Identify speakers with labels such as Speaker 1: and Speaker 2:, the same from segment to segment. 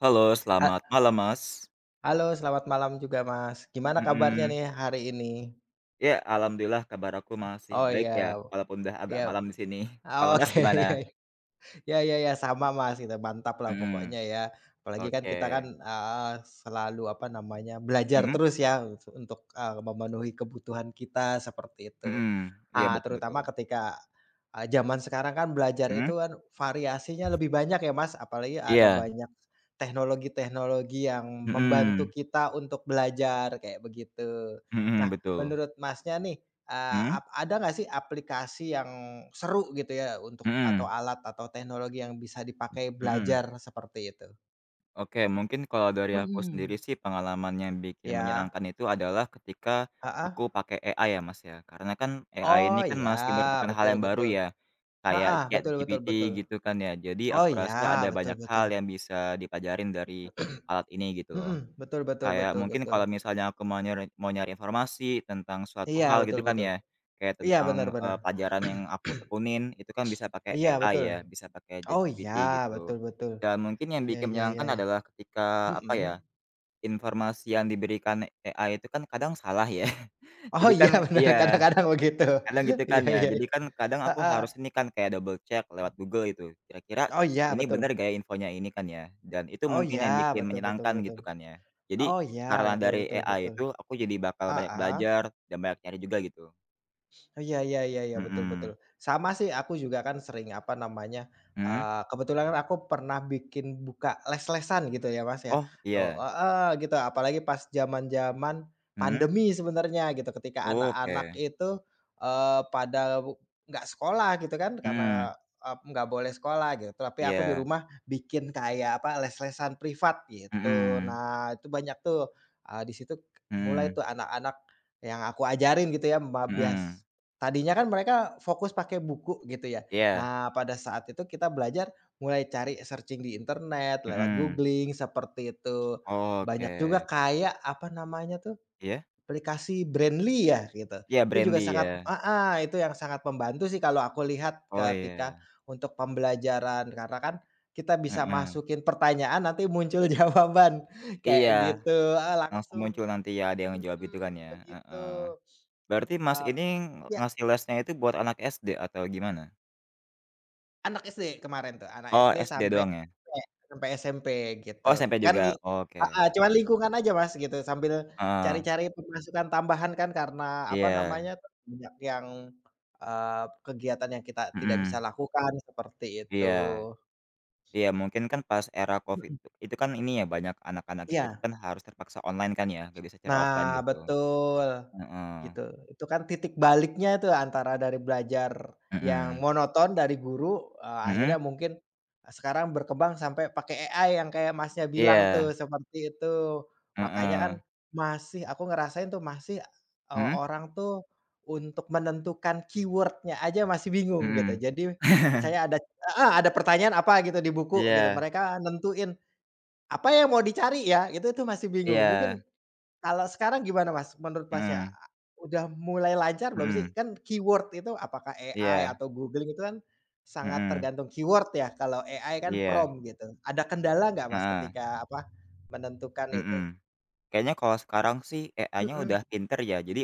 Speaker 1: Halo,
Speaker 2: E
Speaker 1: selamat malam Mas.
Speaker 2: Halo, selamat malam juga Mas. Gimana kabarnya
Speaker 1: Mhm.
Speaker 2: nih, hari ini?
Speaker 1: Ya, alhamdulillah kabar aku masih
Speaker 2: Oh
Speaker 1: baik
Speaker 2: ya,
Speaker 1: ya, walaupun udah agak
Speaker 2: ya.
Speaker 1: malam di sini. Kalau Mas
Speaker 2: Oke,
Speaker 1: gimana?
Speaker 2: ya. Ya ya ya, sama Mas kita mantaplah pokoknya
Speaker 1: Mhm,
Speaker 2: ya. Apalagi kan, kita kan
Speaker 1: oke.
Speaker 2: heeh, selalu apa namanya belajar
Speaker 1: Mhm.
Speaker 2: terus ya, e su untuk, e memenuhi kebutuhan kita seperti itu.
Speaker 1: Mhm,
Speaker 2: E
Speaker 1: iya, betul betul.
Speaker 2: terutama ketika, e zaman sekarang kan, belajar
Speaker 1: Mhm.
Speaker 2: itu kan variasinya lebih banyak ya Mas, apalagi ada
Speaker 1: Iya.
Speaker 2: banyak teknologi-teknologi yang membantu
Speaker 1: Mhm.
Speaker 2: kita untuk belajar kayak begitu.
Speaker 1: Mhm,
Speaker 2: Nah,
Speaker 1: betul.
Speaker 2: menurut Masnya nih, e
Speaker 1: Heeh.
Speaker 2: ap ada enggak sih, aplikasi yang seru gitu ya, untuk atau
Speaker 1: Mhm.
Speaker 2: alat atau teknologi yang bisa dipakai
Speaker 1: Mhm.
Speaker 2: belajar seperti itu?
Speaker 1: Oke, mungkin kalau dari aku sendiri
Speaker 2: Mhm.
Speaker 1: sih, pengalaman yang bikin
Speaker 2: Ya.
Speaker 1: menyenangkan itu adalah ketika
Speaker 2: Heeh.
Speaker 1: aku pakai AI ya Mas, ya. Karena kan, AI
Speaker 2: Oh,
Speaker 1: ini kan
Speaker 2: ya
Speaker 1: masih merupakan hal
Speaker 2: betul
Speaker 1: yang baru
Speaker 2: betul.
Speaker 1: ya, kayak
Speaker 2: Heeh, betul betul
Speaker 1: ChatGPT
Speaker 2: betul.
Speaker 1: gitu kan, ya. Jadi
Speaker 2: Oh,
Speaker 1: aku
Speaker 2: ya
Speaker 1: rasa ada
Speaker 2: betul
Speaker 1: banyak
Speaker 2: betul.
Speaker 1: hal yang bisa dipelajarin dari alat ini gitu loh.
Speaker 2: Mhm, betul betul
Speaker 1: Kayak
Speaker 2: betul
Speaker 1: mungkin
Speaker 2: betul.
Speaker 1: kalau misalnya aku mau nyari mau nyari informasi tentang suatu
Speaker 2: Iya
Speaker 1: hal
Speaker 2: betul
Speaker 1: gitu kan
Speaker 2: betul.
Speaker 1: ya, kayak
Speaker 2: Iya bener
Speaker 1: tentang, e
Speaker 2: bener.
Speaker 1: pelajaran yang aku tekunin itu kan, bisa pakai
Speaker 2: Iya
Speaker 1: AI
Speaker 2: betul.
Speaker 1: ya, bisa pakai
Speaker 2: Oh, ya
Speaker 1: ChatGPT
Speaker 2: betul
Speaker 1: gitu.
Speaker 2: betul.
Speaker 1: Dan mungkin yang
Speaker 2: Ya
Speaker 1: bikin
Speaker 2: ya
Speaker 1: menyenangkan
Speaker 2: ya,
Speaker 1: adalah ketika apa ya,
Speaker 2: mhm.
Speaker 1: informasi yang diberikan AI itu kan, kadang salah ya.
Speaker 2: Oh
Speaker 1: Jadi
Speaker 2: iya
Speaker 1: kan
Speaker 2: benar,
Speaker 1: iya,
Speaker 2: kadang-kadang begitu.
Speaker 1: kadang gitu kan
Speaker 2: Iya
Speaker 1: ya.
Speaker 2: iya
Speaker 1: Jadi
Speaker 2: iya.
Speaker 1: kan, kadang aku
Speaker 2: Heeh.
Speaker 1: harus ini kan, kayak double check lewat Google gitu kira-kira
Speaker 2: Oh iya,
Speaker 1: ini bener
Speaker 2: betul.
Speaker 1: gak ya, infonya ini kan ya, dan itu
Speaker 2: Oh,
Speaker 1: mungkin
Speaker 2: ya
Speaker 1: yang bikin
Speaker 2: betul betul
Speaker 1: menyenangkan
Speaker 2: betul.
Speaker 1: gitu kan ya. Jadi
Speaker 2: Oh, ya
Speaker 1: karena
Speaker 2: betul
Speaker 1: dari
Speaker 2: betul
Speaker 1: AI
Speaker 2: betul.
Speaker 1: itu, aku jadi bakal banyak
Speaker 2: Heeh.
Speaker 1: belajar dan banyak nyari juga gitu.
Speaker 2: Oh, iya, ya ya ya betul betul.
Speaker 1: Mhm.
Speaker 2: Sama sih, aku juga kan, sering apa namanya, e
Speaker 1: Hmm.
Speaker 2: kebetulan kan, aku pernah bikin buka les-lesan gitu ya Mas, ya.
Speaker 1: Oh,
Speaker 2: Oh
Speaker 1: iya.
Speaker 2: heeh, gitu apalagi pas zaman-zaman
Speaker 1: Hmm.
Speaker 2: pandemi sebenarnya gitu ketika anak-anak
Speaker 1: Oke.
Speaker 2: itu, e pada wu enggak sekolah gitu kan, karena
Speaker 1: Hmm.
Speaker 2: ep enggak boleh sekolah gitu tapi aku di
Speaker 1: Iya.
Speaker 2: rumah bikin kayak apa les-lesan privat gitu.
Speaker 1: Mhm.
Speaker 2: Nah, itu banyak tuh, e di situ mulai
Speaker 1: Mhm.
Speaker 2: tuh, anak-anak yang aku ajarin gitu ya,
Speaker 1: Mhm.
Speaker 2: membias tadinya kan, mereka fokus pakai buku gitu ya.
Speaker 1: Iya.
Speaker 2: Nah, pada saat itu kita belajar mulai cari searching di internet lewat
Speaker 1: Mhm.
Speaker 2: googling seperti itu. Banyak juga
Speaker 1: Oke.
Speaker 2: kayak apa namanya tuh,
Speaker 1: Iya?
Speaker 2: aplikasi Brainly ya, gitu.
Speaker 1: Iya,
Speaker 2: Itu juga
Speaker 1: Brainly
Speaker 2: sangat
Speaker 1: ya?
Speaker 2: heeh, itu yang sangat membantu sih, kalau aku lihat
Speaker 1: Oh,
Speaker 2: ketika
Speaker 1: iya.
Speaker 2: untuk pembelajaran. Karena kan, kita bisa
Speaker 1: Heeh.
Speaker 2: masukin pertanyaan nanti muncul jawaban
Speaker 1: Iya,
Speaker 2: kayak gitu. Heeh
Speaker 1: langsung
Speaker 2: langsung,
Speaker 1: muncul nanti ya, ada yang ngejawab gitu kan
Speaker 2: mhm,
Speaker 1: ya. Heeh,
Speaker 2: begitu.
Speaker 1: berarti
Speaker 2: E
Speaker 1: Mas ini
Speaker 2: ya.
Speaker 1: ngasih lesnya itu buat anak SD atau gimana?
Speaker 2: Anak SD kemarin tuh. Anak
Speaker 1: Oh,
Speaker 2: SD
Speaker 1: SD
Speaker 2: sampai
Speaker 1: doang ya?
Speaker 2: SMP sampai SMP gitu.
Speaker 1: Oh, SMP
Speaker 2: Kan le
Speaker 1: juga,
Speaker 2: heeh,
Speaker 1: oke.
Speaker 2: cuma lingkungan aja, Mas, gitu sambil
Speaker 1: Heeh.
Speaker 2: cari-cari pemasukan tambahan kan karena, apa
Speaker 1: Iya.
Speaker 2: namanya, banyak yang, eee kegiatan yang kita tidak bisa
Speaker 1: Mhm.
Speaker 2: lakukan seperti itu.
Speaker 1: Iya. Iya mungkin kan pas era Covid,
Speaker 2: Mhm.
Speaker 1: itu kan ini ya banyak anak-anak itu
Speaker 2: Iya.
Speaker 1: kan harus terpaksa online kan ya, gak bisa cara offline
Speaker 2: Nah
Speaker 1: gitu,
Speaker 2: betul,
Speaker 1: heeh.
Speaker 2: gitu. Itu kan titik baliknya tuh antara dari belajar yang
Speaker 1: Mhm.
Speaker 2: monoton dari guru, eee, akhirnya
Speaker 1: Mhm.
Speaker 2: mungkin, eee, sekarang berkembang sampai pakai AI yang kayak, Masnya, bilang
Speaker 1: Iya.
Speaker 2: tuh seperti itu. Makanya kan,
Speaker 1: Heeh.
Speaker 2: masih aku ngerasain tuh masih, eee,
Speaker 1: Mhm?
Speaker 2: orang tuh untuk menentukan keyword-nya aja masih bingung gitu.
Speaker 1: Mhm.
Speaker 2: Jadi misalnya ada heeh, ada pertanyaan apa gitu di buku gitu
Speaker 1: Iya.
Speaker 2: mereka nentuin apa yang mau dicari ya, itu tuh masih bingung.
Speaker 1: Iya.
Speaker 2: Mungkin kalau sekarang gimana, Mas, menurut, Masnya?
Speaker 1: Mhm.
Speaker 2: Udah mulai lancar belum sih?
Speaker 1: Mhm.
Speaker 2: Kan keyword itu apakah AI
Speaker 1: Iya.
Speaker 2: atau Google itu kan sangat
Speaker 1: Mhm.
Speaker 2: tergantung keyword ya, kalau AI kan
Speaker 1: Iya.
Speaker 2: prompt gitu. Ada kendala nggak, Mas,
Speaker 1: Heeh.
Speaker 2: ketika apa, menentukan itu?
Speaker 1: Mhm, kayaknya kalau sekarang sih AI-nya
Speaker 2: Mhm.
Speaker 1: udah pinter ya. Jadi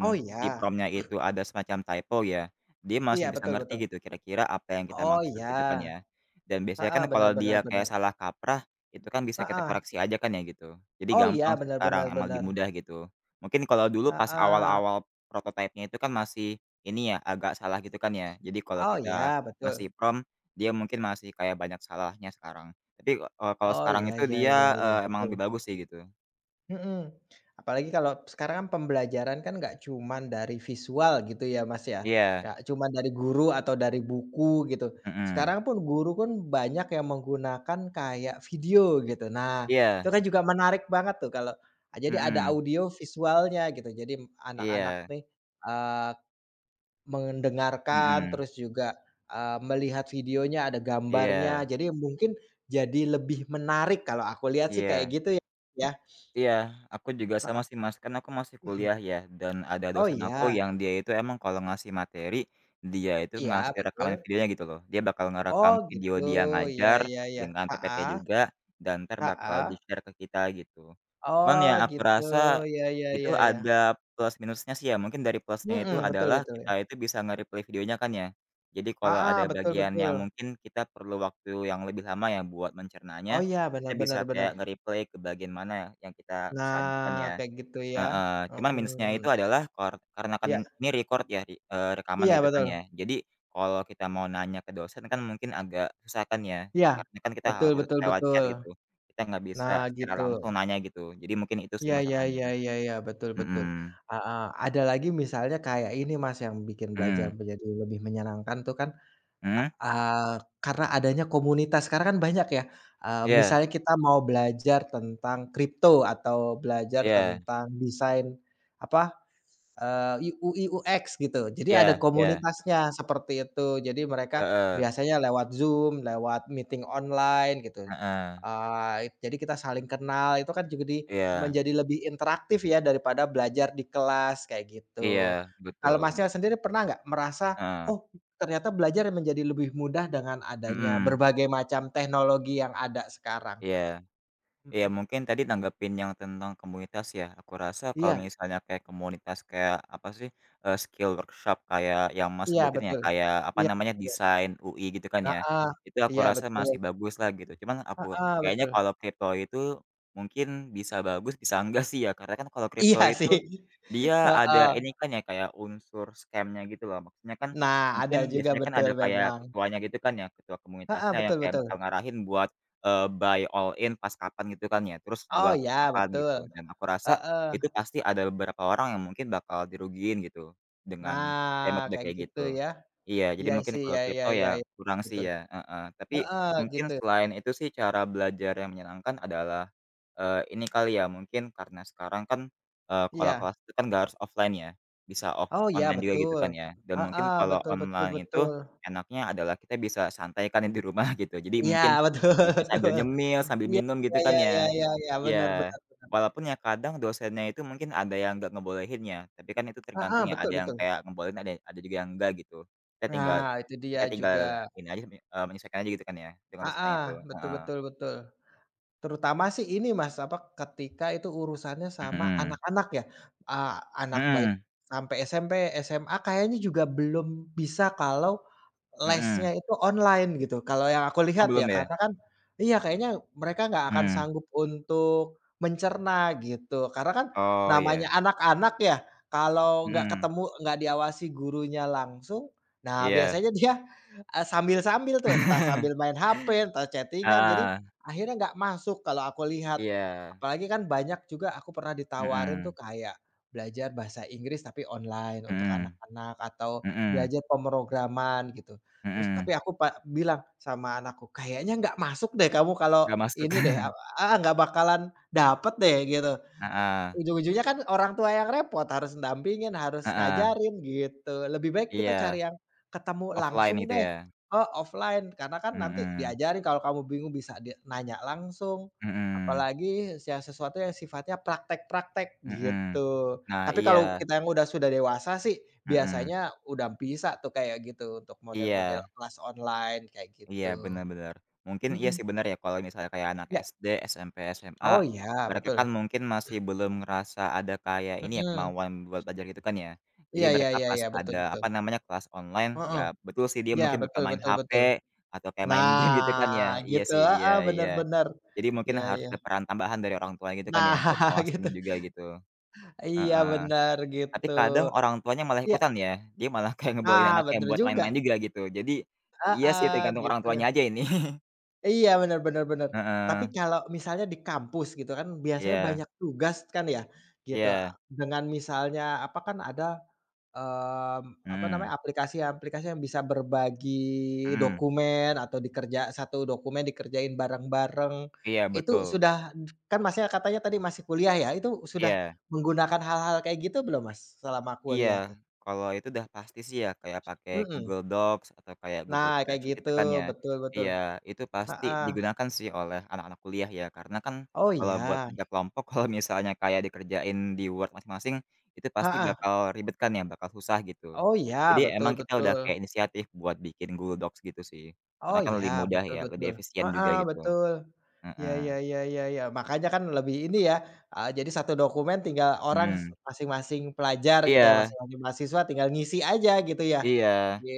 Speaker 2: Oh
Speaker 1: di
Speaker 2: ya?
Speaker 1: prompt-nya itu ada semacam typo, ya, dia
Speaker 2: Iya,
Speaker 1: masih bisa
Speaker 2: betul betul.
Speaker 1: ngerti gitu kira-kira apa yang kita
Speaker 2: Oh, ya.
Speaker 1: maksud gitu kan ya. Dan biasanya
Speaker 2: Heeh,
Speaker 1: kan
Speaker 2: benar
Speaker 1: kalau
Speaker 2: benar
Speaker 1: dia kayak
Speaker 2: benar.
Speaker 1: salah kaprah itu kan bisa kita
Speaker 2: Heeh.
Speaker 1: koreksi aja kan ya gitu. Jadi
Speaker 2: Oh
Speaker 1: gampang
Speaker 2: ya,
Speaker 1: sih
Speaker 2: benar benar
Speaker 1: sekarang emang lebih
Speaker 2: benar.
Speaker 1: mudah gitu. Mungkin kalau dulu pas
Speaker 2: Heeh.
Speaker 1: awal-awal prototype-nya itu kan masih ini ya agak salah gitu kan ya. Jadi kalau
Speaker 2: Oh
Speaker 1: kita
Speaker 2: ya, betul.
Speaker 1: ngasih prompt, dia mungkin masih kayak banyak salahnya sekarang. Tapi, eee, kalau
Speaker 2: Oh,
Speaker 1: sekarang
Speaker 2: ya
Speaker 1: itu
Speaker 2: ya ya
Speaker 1: dia,
Speaker 2: ya,
Speaker 1: eee, emang lebih
Speaker 2: betul.
Speaker 1: bagus sih gitu.
Speaker 2: Mhm, apalagi kalau sekarang kan pembelajaran kan nggak cuman dari visual gitu ya, Mas, ya.
Speaker 1: Iya.
Speaker 2: Nggak cuman dari guru atau dari buku gitu.
Speaker 1: Mhm.
Speaker 2: Sekarang pun guru pun banyak yang menggunakan kayak video gitu. Nah, itu
Speaker 1: Iya.
Speaker 2: kan juga menarik banget tuh kalau, eee, jadi ada
Speaker 1: Mhm.
Speaker 2: audio visualnya gitu. Jadi anak-anak
Speaker 1: Iya.
Speaker 2: nih, eee, mendengarkan
Speaker 1: Mhm.
Speaker 2: terus juga, eee, melihat videonya ada gambarnya.
Speaker 1: Iya.
Speaker 2: Jadi mungkin jadi lebih menarik kalau aku lihat sih kayak
Speaker 1: Iya.
Speaker 2: gitu, ya.
Speaker 1: Iya, aku juga sama
Speaker 2: Heeh,
Speaker 1: sih, Mas. Kan aku masih
Speaker 2: mhm.
Speaker 1: kuliah ya dan ada
Speaker 2: Oh,
Speaker 1: dosen aku
Speaker 2: iya?
Speaker 1: yang dia itu emang kalau ngasih materi dia itu
Speaker 2: Iya,
Speaker 1: ngasih rekaman
Speaker 2: betul.
Speaker 1: videonya gitu loh. Dia bakal
Speaker 2: Oh
Speaker 1: ngerekam video
Speaker 2: gitu,
Speaker 1: dia
Speaker 2: ya
Speaker 1: ngajar
Speaker 2: ya ya.
Speaker 1: dengan PPT
Speaker 2: Heeh.
Speaker 1: juga dan entar bakal di
Speaker 2: Heeh.
Speaker 1: share ke kita gitu. Cuman
Speaker 2: Oh
Speaker 1: ya aku
Speaker 2: gitu,
Speaker 1: rasa
Speaker 2: ya ya
Speaker 1: itu
Speaker 2: ya ya.
Speaker 1: ada plus-minusnya sih ya. Mungkin dari plus-nya itu
Speaker 2: Mhm, betul
Speaker 1: adalah
Speaker 2: betul
Speaker 1: kita
Speaker 2: ya.
Speaker 1: itu bisa nge-replay videonya kan ya. Jadi kalau
Speaker 2: Heeh,
Speaker 1: ada
Speaker 2: betul
Speaker 1: bagian yang
Speaker 2: betul.
Speaker 1: mungkin kita perlu waktu yang lebih lama ya buat
Speaker 2: Oh
Speaker 1: mencernanya,
Speaker 2: ya,
Speaker 1: kita
Speaker 2: benar
Speaker 1: bisa
Speaker 2: benar benar.
Speaker 1: kayak nge-replay ke bagian mana yang kita kesan kan
Speaker 2: Nah
Speaker 1: ya,
Speaker 2: kayak gitu ya,
Speaker 1: heeh. Cuman
Speaker 2: mhm
Speaker 1: minus-nya
Speaker 2: mhm.
Speaker 1: itu adalah kor
Speaker 2: Ya.
Speaker 1: karenakan ini record ya, di eee, rekaman
Speaker 2: Iya,
Speaker 1: gitu kan ya.
Speaker 2: betul.
Speaker 1: Jadi kalau kita mau nanya ke dosen kan mungkin agak susah kan ya.
Speaker 2: Iya,
Speaker 1: Karena kan kita
Speaker 2: betul
Speaker 1: harus
Speaker 2: betul
Speaker 1: lewat chat
Speaker 2: betul.
Speaker 1: gitu. Kita nggak bisa
Speaker 2: Nah
Speaker 1: secara
Speaker 2: gitu.
Speaker 1: langsung nanya gitu. Jadi mungkin itu sih
Speaker 2: Ya ya
Speaker 1: masalahnya,
Speaker 2: ya ya ya, betul betul,
Speaker 1: mhm.
Speaker 2: heeh, ada lagi misalnya kayak ini, Mas, yang bikin belajar
Speaker 1: Mhm.
Speaker 2: menjadi lebih menyenangkan tuh kan,
Speaker 1: Mhm.
Speaker 2: eee, karena adanya komunitas. Sekarang kan banyak ya, eee,
Speaker 1: Iya.
Speaker 2: misalnya kita mau belajar tentang crypto atau belajar
Speaker 1: Iya.
Speaker 2: tentang desain, apa, eee, i UI/UX gitu. Jadi ada
Speaker 1: Iya iya.
Speaker 2: komunitasnya seperti itu. Jadi mereka
Speaker 1: Heeh.
Speaker 2: biasanya lewat Zoom, lewat meeting online gitu,
Speaker 1: Heeh.
Speaker 2: eee, jadi kita saling kenal itu kan juga di
Speaker 1: Iya.
Speaker 2: menjadi lebih interaktif ya daripada belajar di kelas kayak gitu.
Speaker 1: Iya
Speaker 2: Kalau,
Speaker 1: betul.
Speaker 2: Masnya, sendiri pernah nggak merasa,
Speaker 1: Heeh.
Speaker 2: oh, ternyata belajar menjadi lebih mudah dengan adanya
Speaker 1: Mhm.
Speaker 2: berbagai macam teknologi yang ada sekarang?
Speaker 1: Iya iya
Speaker 2: Mhm.
Speaker 1: mungkin tadi tanggapin yang tentang komunitas ya. Aku rasa kalau
Speaker 2: Iya.
Speaker 1: misalnya kayak komunitas kayak, apa sih eee, skill workshop kayak yang, Mas,
Speaker 2: Iya
Speaker 1: sebutin ya
Speaker 2: betul.
Speaker 1: kayak apa
Speaker 2: Iya,
Speaker 1: namanya
Speaker 2: bener.
Speaker 1: desain UI gitu kan ya?
Speaker 2: Heeh,
Speaker 1: Itu aku
Speaker 2: iya
Speaker 1: rasa
Speaker 2: betul.
Speaker 1: masih bagus lah gitu. Cuman aku
Speaker 2: Heeh,
Speaker 1: kayaknya
Speaker 2: betul.
Speaker 1: kalau crypto itu mungkin bisa bagus bisa enggak sih ya. Karena kan kalau crypto
Speaker 2: Iya
Speaker 1: itu
Speaker 2: sih,
Speaker 1: dia ada
Speaker 2: heeh.
Speaker 1: ini kan ya kayak unsur scam-nya gitu loh. Maksudnya kan
Speaker 2: Nah ada
Speaker 1: mungkin
Speaker 2: juga
Speaker 1: biasanya kan
Speaker 2: betul
Speaker 1: ada kayak
Speaker 2: memang.
Speaker 1: ketuanya gitu kan ya, ketua
Speaker 2: Heeh,
Speaker 1: komunitasnya yang
Speaker 2: betul
Speaker 1: kayak
Speaker 2: betul.
Speaker 1: bakal ngarahin buat, eee, buy all in pas kapan gitu kan ya terus
Speaker 2: Oh
Speaker 1: jual
Speaker 2: ya,
Speaker 1: kapan gitu.
Speaker 2: betul,
Speaker 1: Dan aku rasa
Speaker 2: heeh.
Speaker 1: itu pasti ada beberapa orang yang mungkin bakal dirugiin gitu dengan, eee,
Speaker 2: Nah
Speaker 1: metode
Speaker 2: kayak
Speaker 1: kayak
Speaker 2: gitu
Speaker 1: gitu.
Speaker 2: ya.
Speaker 1: Iya jadi
Speaker 2: Iya
Speaker 1: mungkin
Speaker 2: sih,
Speaker 1: kalau
Speaker 2: ya ya
Speaker 1: crypto
Speaker 2: ya,
Speaker 1: ya kurang sih
Speaker 2: betul.
Speaker 1: ya, heeh. Tapi
Speaker 2: Heeh,
Speaker 1: mungkin
Speaker 2: gitu.
Speaker 1: selain itu sih cara belajar yang menyenangkan adalah, eee, ini kali ya mungkin karena sekarang kan, eee, kalau
Speaker 2: Iya.
Speaker 1: kelas itu kan nggak harus offline ya bisa off
Speaker 2: Oh ya,
Speaker 1: online juga gitu
Speaker 2: betul.
Speaker 1: kan ya. Dan mungkin
Speaker 2: Heeh,
Speaker 1: kalau
Speaker 2: betul betul
Speaker 1: online itu
Speaker 2: betul.
Speaker 1: enaknya adalah kita bisa santai kan ya di rumah gitu. Jadi mungkin
Speaker 2: Ya betul
Speaker 1: bisa sambil
Speaker 2: betul.
Speaker 1: nyemil sambil
Speaker 2: Ya
Speaker 1: minum gitu
Speaker 2: ya
Speaker 1: kan
Speaker 2: ya ya
Speaker 1: ya?
Speaker 2: ya ya, benar
Speaker 1: Ya,
Speaker 2: benar benar banget.
Speaker 1: walaupun ya kadang dosennya itu mungkin ada yang nggak ngebolehin ya, tapi kan itu tergantung
Speaker 2: Heeh,
Speaker 1: ya
Speaker 2: betul
Speaker 1: ada yang
Speaker 2: betul.
Speaker 1: kayak ngebolehin ada ada juga yang enggak gitu. Kita tinggal
Speaker 2: Nah, itu
Speaker 1: kita
Speaker 2: dia
Speaker 1: tinggal
Speaker 2: juga.
Speaker 1: ini aja, eee, menyesuaikan aja gitu kan ya dengan dosennya
Speaker 2: Heeh,
Speaker 1: itu,
Speaker 2: betul
Speaker 1: heeh.
Speaker 2: betul betul. Terutama sih ini, Mas, apa, ketika itu urusannya sama
Speaker 1: Mhm.
Speaker 2: anak-anak ya, eee, anak baik
Speaker 1: Mhm.
Speaker 2: sampai SMP, SMA kayaknya juga belum bisa kalau lesnya
Speaker 1: Mhm.
Speaker 2: itu online gitu. Kalau yang aku
Speaker 1: Oh,
Speaker 2: lihat
Speaker 1: belum
Speaker 2: ya
Speaker 1: ya?
Speaker 2: karena kan, iya kayaknya mereka gak akan
Speaker 1: Mhm.
Speaker 2: sanggup untuk mencerna gitu. Karena kan
Speaker 1: Oh,
Speaker 2: namanya
Speaker 1: ya.
Speaker 2: anak-anak ya kalau gak
Speaker 1: Mhm.
Speaker 2: ketemu, gak diawasi gurunya langsung, nah
Speaker 1: Iya.
Speaker 2: biasanya dia, eee, sambil-sambil tuh entah sambil main HP, entah chatting-an, jadi
Speaker 1: Heeh.
Speaker 2: akhirnya gak masuk kalau aku lihat.
Speaker 1: Iya.
Speaker 2: Apalagi kan banyak juga aku pernah ditawarin tuh
Speaker 1: Mhm.
Speaker 2: kayak belajar bahasa Inggris tapi online untuk
Speaker 1: Mhm
Speaker 2: anak-anak atau
Speaker 1: mhm.
Speaker 2: belajar pemrograman gitu. Terus tapi
Speaker 1: Mhm.
Speaker 2: aku pa bilang sama anakku, "Kayaknya gak masuk deh kamu kalau
Speaker 1: Nggak masuk.
Speaker 2: ini deh aw" heeh, gak bakalan dapat deh gitu.
Speaker 1: Heeh.
Speaker 2: Ujung-ujungnya kan orang tua yang repot harus dampingin, harus
Speaker 1: Heeh.
Speaker 2: ngajarin gitu. Lebih baik kita
Speaker 1: Iya.
Speaker 2: cari yang ketemu
Speaker 1: Offline
Speaker 2: langsung
Speaker 1: gitu
Speaker 2: deh,
Speaker 1: ya?
Speaker 2: eee, offline karena kan nanti
Speaker 1: Mhm.
Speaker 2: diajarin, kalau kamu bingung bisa di nanya langsung,
Speaker 1: Mhm.
Speaker 2: apalagi yang sesuatu yang sifatnya praktek-praktek
Speaker 1: Mhm.
Speaker 2: gitu.
Speaker 1: Nah
Speaker 2: Tapi kalau
Speaker 1: iya.
Speaker 2: kita yang udah sudah dewasa sih
Speaker 1: Mhm.
Speaker 2: biasanya udah bisa tuh kayak gitu untuk model-model
Speaker 1: Iya.
Speaker 2: kelas online kayak
Speaker 1: Iya,
Speaker 2: gitu,
Speaker 1: benar benar. Mungkin iya
Speaker 2: mhm.
Speaker 1: sih benar ya kalau misalnya kayak anak
Speaker 2: Ya.
Speaker 1: SD, SMP, SMA,
Speaker 2: Oh iya,
Speaker 1: mereka kan
Speaker 2: betul.
Speaker 1: mungkin masih belum ngerasa ada kayak ini ya,
Speaker 2: Mhm.
Speaker 1: kemauan buat belajar gitu kan ya. Jadi
Speaker 2: Iya, ya
Speaker 1: mereka
Speaker 2: ya
Speaker 1: pas
Speaker 2: ya, betul
Speaker 1: ada,
Speaker 2: betul.
Speaker 1: apa namanya kelas online, ya
Speaker 2: Heeh,
Speaker 1: betul sih dia
Speaker 2: ya
Speaker 1: mungkin bakal
Speaker 2: betul
Speaker 1: main
Speaker 2: betul
Speaker 1: HP
Speaker 2: betul.
Speaker 1: atau kayak main game gitu kan ya.
Speaker 2: Nah
Speaker 1: Iya
Speaker 2: gitu,
Speaker 1: sih iya
Speaker 2: heeh, benar
Speaker 1: iya.
Speaker 2: benar.
Speaker 1: Jadi mungkin
Speaker 2: Ya
Speaker 1: harus
Speaker 2: ya.
Speaker 1: ada peran tambahan dari orang tua gitu kan ya
Speaker 2: Nah,
Speaker 1: buat awas ini
Speaker 2: gitu.
Speaker 1: juga gitu,
Speaker 2: Iya
Speaker 1: heeh.
Speaker 2: benar
Speaker 1: Tapi
Speaker 2: gitu.
Speaker 1: kadang orang tuanya malah
Speaker 2: Ya.
Speaker 1: ikutan ya, dia malah kayak ngebolehin
Speaker 2: Ah,
Speaker 1: anaknya
Speaker 2: betul
Speaker 1: buat main-main
Speaker 2: juga.
Speaker 1: juga gitu. Jadi iya sih
Speaker 2: Heeh,
Speaker 1: tergantung orang
Speaker 2: gitu.
Speaker 1: tuanya aja ini.
Speaker 2: Iya benar benar benar. Tapi
Speaker 1: Heeh.
Speaker 2: kalau misalnya di kampus gitu kan biasanya
Speaker 1: Iya.
Speaker 2: banyak tugas kan ya gitu.
Speaker 1: Iya.
Speaker 2: Dengan misalnya apa kan ada, mmm, apa namanya,
Speaker 1: Mhm.
Speaker 2: aplikasi-aplikasi yang bisa berbagi
Speaker 1: Mhm.
Speaker 2: dokumen, atau dikerja satu dokumen dikerjain bareng-bareng
Speaker 1: Iya,
Speaker 2: itu
Speaker 1: betul.
Speaker 2: sudah kan, Masnya, katanya tadi masih kuliah ya itu sudah
Speaker 1: Iya.
Speaker 2: menggunakan hal-hal kayak gitu belum, Mas, selama
Speaker 1: Iya,
Speaker 2: kuliah tuh?
Speaker 1: kalau itu udah pasti sih ya kayak pakai
Speaker 2: Mhm.
Speaker 1: Google Docs atau kayak Google
Speaker 2: Nah kayak
Speaker 1: Spreadsheet
Speaker 2: gitu,
Speaker 1: gitu kan ya.
Speaker 2: betul betul.
Speaker 1: Iya, itu pasti
Speaker 2: Heeh.
Speaker 1: digunakan sih oleh anak-anak kuliah ya karena kan
Speaker 2: Oh,
Speaker 1: kalau buat
Speaker 2: ya?
Speaker 1: kerja kelompok kalau misalnya kayak dikerjain di Word masing-masing, itu pasti
Speaker 2: Heeh.
Speaker 1: bakal ribet kan ya, bakal susah gitu.
Speaker 2: Oh ya,
Speaker 1: Jadi
Speaker 2: betul
Speaker 1: emang kita udah
Speaker 2: betul.
Speaker 1: kayak inisiatif buat bikin Google Docs gitu sih.
Speaker 2: Oh
Speaker 1: Karena kan
Speaker 2: ya,
Speaker 1: lebih mudah
Speaker 2: betul
Speaker 1: ya lebih
Speaker 2: betul,
Speaker 1: efisien juga
Speaker 2: heeh,
Speaker 1: gitu,
Speaker 2: betul. Ya
Speaker 1: heeh.
Speaker 2: ya ya ya ya, makanya kan lebih ini ya, eee, jadi 1 dokumen tinggal orang
Speaker 1: Mhm.
Speaker 2: masing-masing pelajar gitu ya,
Speaker 1: Iya.
Speaker 2: masing-masing mahasiswa tinggal ngisi aja gitu ya
Speaker 1: Iya,
Speaker 2: di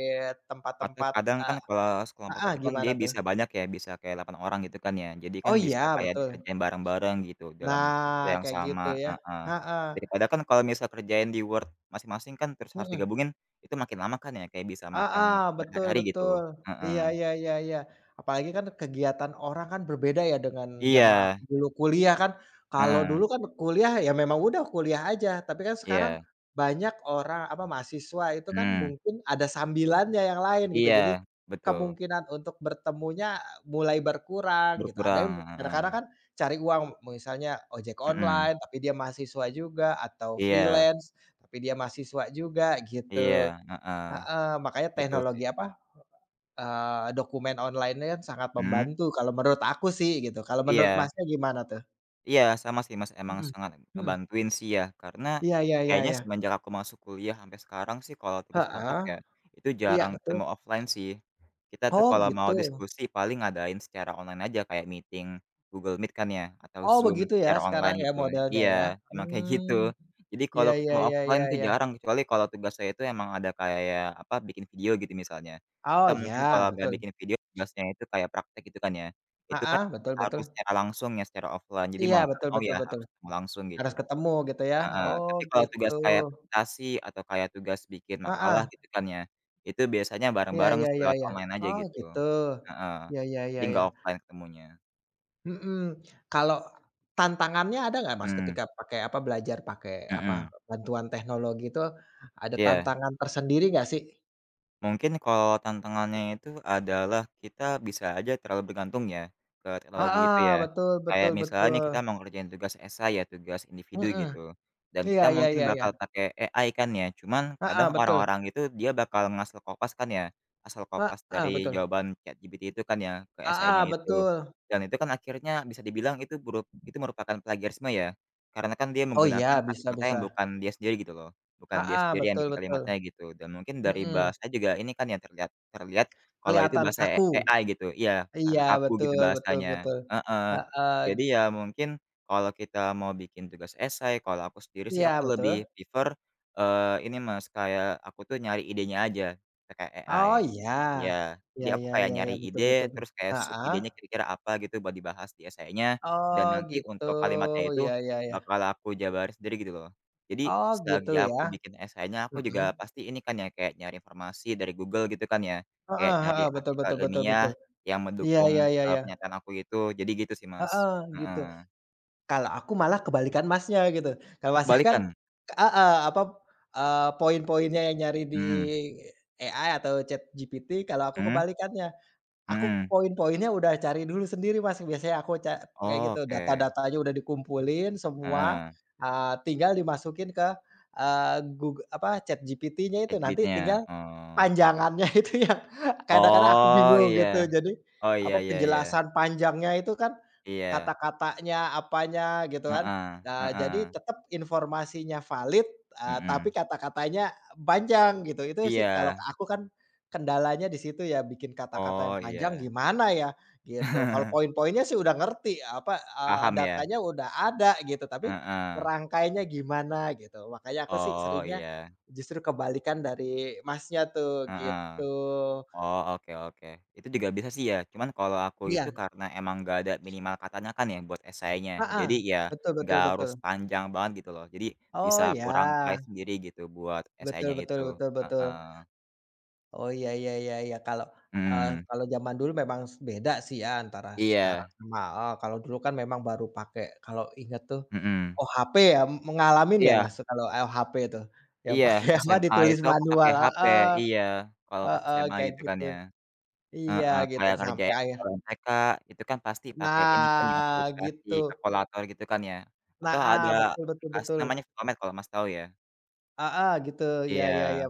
Speaker 1: atau
Speaker 2: tempat-tempat,
Speaker 1: kadang kan
Speaker 2: eee,
Speaker 1: kelas kelompok
Speaker 2: heeh,
Speaker 1: itu kan
Speaker 2: gimana
Speaker 1: dia
Speaker 2: tuh?
Speaker 1: bisa banyak ya, bisa kayak 8 orang gitu kan ya. Jadi kan
Speaker 2: Oh
Speaker 1: bisa
Speaker 2: iya,
Speaker 1: kayak
Speaker 2: betul.
Speaker 1: dikerjain bareng-bareng gitu dalam waktu
Speaker 2: Nah
Speaker 1: yang
Speaker 2: kayak
Speaker 1: sama,
Speaker 2: gitu ya,
Speaker 1: heeh.
Speaker 2: heeh.
Speaker 1: Daripada kan kalau misal kerjain di Word masing-masing kan terus harus
Speaker 2: Mhm.
Speaker 1: digabungin, itu makin lama kan ya kayak bisa makan
Speaker 2: Heeh, betul
Speaker 1: berhari-hari gitu,
Speaker 2: betul. Iya
Speaker 1: heeh.
Speaker 2: ya ya ya. Apalagi kan kegiatan orang kan berbeda ya dengan zaman aku
Speaker 1: Iya.
Speaker 2: dulu kuliah kan. Kalau
Speaker 1: Heeh.
Speaker 2: dulu kan kuliah ya memang udah kuliah aja. Tapi kan sekarang
Speaker 1: Iya.
Speaker 2: banyak orang, apa, mahasiswa itu kan
Speaker 1: Mhm.
Speaker 2: mungkin ada sambilan yang lain gitu. Jadi,
Speaker 1: Iya, betul.
Speaker 2: kemungkinan untuk bertemunya mulai berkurang gitu. Ada
Speaker 1: Berkurang,
Speaker 2: yang kadang-kadang
Speaker 1: heeh.
Speaker 2: kan cari uang misalnya ojek
Speaker 1: Mhm.
Speaker 2: online, tapi dia mahasiswa juga atau
Speaker 1: Iya.
Speaker 2: freelance, tapi dia mahasiswa juga
Speaker 1: Iya,
Speaker 2: gitu.
Speaker 1: heeh.
Speaker 2: Heeh, makanya
Speaker 1: Betul
Speaker 2: teknologi,
Speaker 1: sih.
Speaker 2: apa eee, dokumen online-nya sangat
Speaker 1: Mhm.
Speaker 2: membantu kalau menurut aku sih gitu. Kalau menurut,
Speaker 1: Iya.
Speaker 2: Masnya, gimana tuh?
Speaker 1: Iya sama sih Mas emang
Speaker 2: Mhm,
Speaker 1: sangat
Speaker 2: mhm.
Speaker 1: ngebantuin sih ya karena
Speaker 2: Iya ya ya
Speaker 1: kayaknya
Speaker 2: ya.
Speaker 1: semenjak aku masuk kuliah sampai sekarang sih kalau tugas kelompok
Speaker 2: Heeh.
Speaker 1: ya itu
Speaker 2: Iya
Speaker 1: jarang
Speaker 2: betul.
Speaker 1: ketemu offline sih. Kita tuh
Speaker 2: Oh
Speaker 1: kalau mau
Speaker 2: gitu.
Speaker 1: diskusi paling ngadain secara online aja kayak meeting Google Meet kan ya atau
Speaker 2: Oh
Speaker 1: Zoom
Speaker 2: begitu ya,
Speaker 1: secara
Speaker 2: sekarang
Speaker 1: online
Speaker 2: ya
Speaker 1: gitu.
Speaker 2: modelnya
Speaker 1: Iya
Speaker 2: ya.
Speaker 1: emang kayak gitu.
Speaker 2: Mmm,
Speaker 1: Jadi
Speaker 2: ya
Speaker 1: kalau
Speaker 2: ya
Speaker 1: ketemu
Speaker 2: ya ya
Speaker 1: offline tuh
Speaker 2: ya.
Speaker 1: jarang kecuali kalau tugasnya itu emang ada kayak apa, bikin video gitu misalnya.
Speaker 2: Oh
Speaker 1: Atau mungkin kalau
Speaker 2: ya
Speaker 1: nggak
Speaker 2: betul.
Speaker 1: bikin video tugasnya itu kayak praktek gitu kan ya. Itu kan
Speaker 2: Heeh betul
Speaker 1: harus
Speaker 2: betul.
Speaker 1: secara langsung ya, secara offline. Jadi
Speaker 2: Iya
Speaker 1: mau nggak
Speaker 2: betul
Speaker 1: mau
Speaker 2: betul
Speaker 1: ya
Speaker 2: betul.
Speaker 1: harus ketemu langsung gitu,
Speaker 2: Harus ketemu gitu ya.
Speaker 1: heeh.
Speaker 2: Oh
Speaker 1: Tapi kalau
Speaker 2: gitu.
Speaker 1: tugas kayak presentasi atau kayak tugas bikin makalah
Speaker 2: Heeh.
Speaker 1: gitu kan, ya itu biasanya
Speaker 2: Ya
Speaker 1: bareng-bareng
Speaker 2: ya
Speaker 1: sih
Speaker 2: ya
Speaker 1: lewat
Speaker 2: ya.
Speaker 1: online aja
Speaker 2: Oh
Speaker 1: gitu,
Speaker 2: gitu.
Speaker 1: heeh.
Speaker 2: Ya ya
Speaker 1: Jadi
Speaker 2: ya ya.
Speaker 1: nggak offline ketemunya.
Speaker 2: Mhm, kalau tantangannya ada gak Mas,
Speaker 1: Mmm.
Speaker 2: ketika pakai apa, belajar pakai apa,
Speaker 1: Mhm.
Speaker 2: bantuan teknologi itu ada
Speaker 1: Iya.
Speaker 2: tantangan tersendiri gak sih?
Speaker 1: Mungkin kalau tantangannya itu adalah kita bisa aja terlalu bergantung ya, ke teknologi itu
Speaker 2: Heeh
Speaker 1: ya.
Speaker 2: betul
Speaker 1: Kayak
Speaker 2: betul
Speaker 1: misalnya nih
Speaker 2: betul.
Speaker 1: kita mau ngerjain tugas essay ya, tugas individu
Speaker 2: Mhm.
Speaker 1: gitu dan
Speaker 2: Iya
Speaker 1: kita
Speaker 2: ya
Speaker 1: mungkin
Speaker 2: ya ya.
Speaker 1: bakal pakai AI kan ya. Cuman
Speaker 2: Heeh
Speaker 1: kadang
Speaker 2: betul.
Speaker 1: orang-orang itu dia bakal ngasal copas kan ya, asal copas
Speaker 2: Heeh
Speaker 1: dari
Speaker 2: betul.
Speaker 1: jawaban ChatGPT itu kan ya ke essay-nya
Speaker 2: Heeh
Speaker 1: itu.
Speaker 2: betul.
Speaker 1: Dan itu kan akhirnya bisa dibilang itu buruk itu merupakan plagiarisme ya. Karena kan dia
Speaker 2: Oh
Speaker 1: menggunakan
Speaker 2: iya, bisa
Speaker 1: kalimatnya yang
Speaker 2: bisa.
Speaker 1: bukan dia sendiri gitu loh, bukan dia
Speaker 2: Heeh,
Speaker 1: sendiri yang
Speaker 2: betul
Speaker 1: bikin
Speaker 2: betul.
Speaker 1: kalimatnya gitu. Dan mungkin dari
Speaker 2: Mhm.
Speaker 1: bahasa juga ini kan yang terlihat terlihat kalau itu
Speaker 2: Kelihatan
Speaker 1: bahasa a
Speaker 2: kaku.
Speaker 1: AI gitu. Iya
Speaker 2: Iya
Speaker 1: karena kaku gitu
Speaker 2: betul betul
Speaker 1: bahasanya.
Speaker 2: betul.
Speaker 1: Heeh.
Speaker 2: Heeh.
Speaker 1: Jadi ya mungkin kalau kita mau bikin tugas essay, kalau aku sendiri sih
Speaker 2: Iya
Speaker 1: aku
Speaker 2: betul.
Speaker 1: lebih prefer eee, ini Mas, kayak aku tuh nyari idenya aja pakai AI.
Speaker 2: Oh iya,
Speaker 1: Iya,
Speaker 2: ya
Speaker 1: jadi aku
Speaker 2: ya
Speaker 1: kayak
Speaker 2: ya,
Speaker 1: nyari
Speaker 2: betul betul,
Speaker 1: ide,
Speaker 2: be
Speaker 1: terus kayak sub
Speaker 2: heeh.
Speaker 1: idenya kira-kira apa gitu buat dibahas di essay-nya,
Speaker 2: Oh
Speaker 1: dan nanti
Speaker 2: gitu,
Speaker 1: untuk kalimatnya itu
Speaker 2: ya ya ya.
Speaker 1: bakal aku jabarin sendiri gitu loh. Jadi
Speaker 2: Oh gitu
Speaker 1: selagi
Speaker 2: ya.
Speaker 1: aku bikin essay-nya aku juga
Speaker 2: Mhm.
Speaker 1: pasti ini kan ya, kayak nyari informasi dari Google gitu kan ya,
Speaker 2: Heeh
Speaker 1: kayak nyari
Speaker 2: heeh, betul
Speaker 1: artikel
Speaker 2: betul betul
Speaker 1: ilmiah
Speaker 2: betul.
Speaker 1: yang
Speaker 2: Iya
Speaker 1: mendukung,
Speaker 2: iya iya
Speaker 1: eee,
Speaker 2: iya.
Speaker 1: pernyataan aku itu, jadi gitu sih Mas.
Speaker 2: Heeh gitu.
Speaker 1: Heeh.
Speaker 2: Kalau aku malah kebalikan Masnya gitu. Kalau
Speaker 1: E
Speaker 2: Masnya kan
Speaker 1: kebalikan.
Speaker 2: heeh apa, eee, poin-poinnya yang nyari di
Speaker 1: Hmm.
Speaker 2: AI atau ChatGPT, kalau aku
Speaker 1: Hmm?
Speaker 2: kebalikannya. Aku
Speaker 1: Mhm.
Speaker 2: poin-poinnya udah cari dulu sendiri Mas. Biasanya aku ca kayak gitu
Speaker 1: Oke.
Speaker 2: data-datanya udah dikumpulin semua,
Speaker 1: Heeh.
Speaker 2: eee, tinggal dimasukin ke, eee, Goog apa, ChatGPT-nya itu nanti
Speaker 1: ChatGPT-nya,
Speaker 2: tinggal
Speaker 1: oh.
Speaker 2: panjangannya itu yang kadang-kadang aku
Speaker 1: Oh
Speaker 2: bingung gitu.
Speaker 1: iya.
Speaker 2: Jadi
Speaker 1: Oh
Speaker 2: apa,
Speaker 1: ya ya ya.
Speaker 2: penjelasan panjangnya itu kan
Speaker 1: Iya.
Speaker 2: kata-katanya apanya gitu kan.
Speaker 1: Heeh,
Speaker 2: Nah, jadi
Speaker 1: heeh.
Speaker 2: tetap informasinya valid, eee, tapi
Speaker 1: Mhm.
Speaker 2: kata-katanya panjang gitu. Itu sih kalau
Speaker 1: Iya.
Speaker 2: aku, kan kendalanya di situ ya bikin kata-kata yang
Speaker 1: Oh
Speaker 2: panjang
Speaker 1: iya.
Speaker 2: gimana ya gitu. Kalau poin-poinnya sih udah ngerti, apa, eee,
Speaker 1: Paham ya?
Speaker 2: datanya udah ada gitu, tapi
Speaker 1: Heeh.
Speaker 2: ngerangkainya gimana gitu. Makanya aku sih
Speaker 1: Oh
Speaker 2: seringnya
Speaker 1: iya.
Speaker 2: justru kebalikan dari Masnya tuh
Speaker 1: Heeh.
Speaker 2: gitu.
Speaker 1: Oh oke oke. Itu juga bisa sih ya. Cuman kalau aku itu
Speaker 2: Iya.
Speaker 1: karena emang nggak ada minimal katanya kan ya buat essay-nya.
Speaker 2: Heeh
Speaker 1: jadi ya
Speaker 2: betul betul
Speaker 1: nggak harus
Speaker 2: betul.
Speaker 1: panjang banget gitu loh. Jadi bisa
Speaker 2: Oh
Speaker 1: kurangkai
Speaker 2: ya.
Speaker 1: sendiri gitu buat
Speaker 2: Betul
Speaker 1: essay-nya
Speaker 2: betul
Speaker 1: itu.
Speaker 2: betul betul.
Speaker 1: Heeh.
Speaker 2: Oh ya ya ya ya kalau, eee,
Speaker 1: Mhm.
Speaker 2: kalau zaman dulu memang s beda sih ya antara sekarang
Speaker 1: Iya.
Speaker 2: sama heeh, kalau dulu kan memang baru pakai kalau ingat tuh
Speaker 1: Mhm.
Speaker 2: OHP ya. Mengalami enggak
Speaker 1: Iya.
Speaker 2: Mas kalau OHP itu yang
Speaker 1: Iya
Speaker 2: pakai apa,
Speaker 1: SMA
Speaker 2: ditulis
Speaker 1: itu aku pakai
Speaker 2: manual?
Speaker 1: HP.
Speaker 2: Heeh,
Speaker 1: Iya kalau pas
Speaker 2: heeh
Speaker 1: SMA
Speaker 2: kayak
Speaker 1: gitu kan
Speaker 2: gitu.
Speaker 1: ya.
Speaker 2: Iya
Speaker 1: Heeh.
Speaker 2: gitu
Speaker 1: Kayak
Speaker 2: sampai
Speaker 1: ngerjain
Speaker 2: akhir
Speaker 1: soal MTK itu kan pasti pakai ini kan ya
Speaker 2: Nah
Speaker 1: aplikasi
Speaker 2: gitu.
Speaker 1: kalkulator gitu kan ya. Atau
Speaker 2: Heeh
Speaker 1: ada
Speaker 2: betul betul
Speaker 1: aplikasi
Speaker 2: betul.
Speaker 1: namanya Photomath kalau Mas tahu ya.
Speaker 2: Heeh gitu ya ya ya.
Speaker 1: Iya.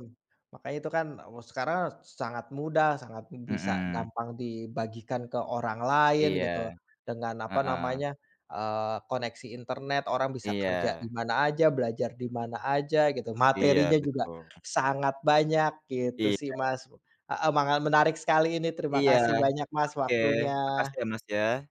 Speaker 2: Makanya itu kan sekarang sangat mudah, sangat bisa
Speaker 1: Mhm.
Speaker 2: gampang dibagikan ke orang lain
Speaker 1: Iya.
Speaker 2: gitu dengan apa
Speaker 1: Heeh.
Speaker 2: namanya, eee, koneksi internet orang bisa kerja di
Speaker 1: Iya.
Speaker 2: mana aja, belajar di mana aja gitu.
Speaker 1: Iya
Speaker 2: Materinya juga
Speaker 1: betul.
Speaker 2: sangat banyak gitu sih
Speaker 1: Iya.
Speaker 2: Mas. Heeh manga menarik sekali ini. Terima
Speaker 1: Iya.
Speaker 2: kasih banyak Mas
Speaker 1: Oke,
Speaker 2: waktunya.
Speaker 1: makasih ya Mas ya.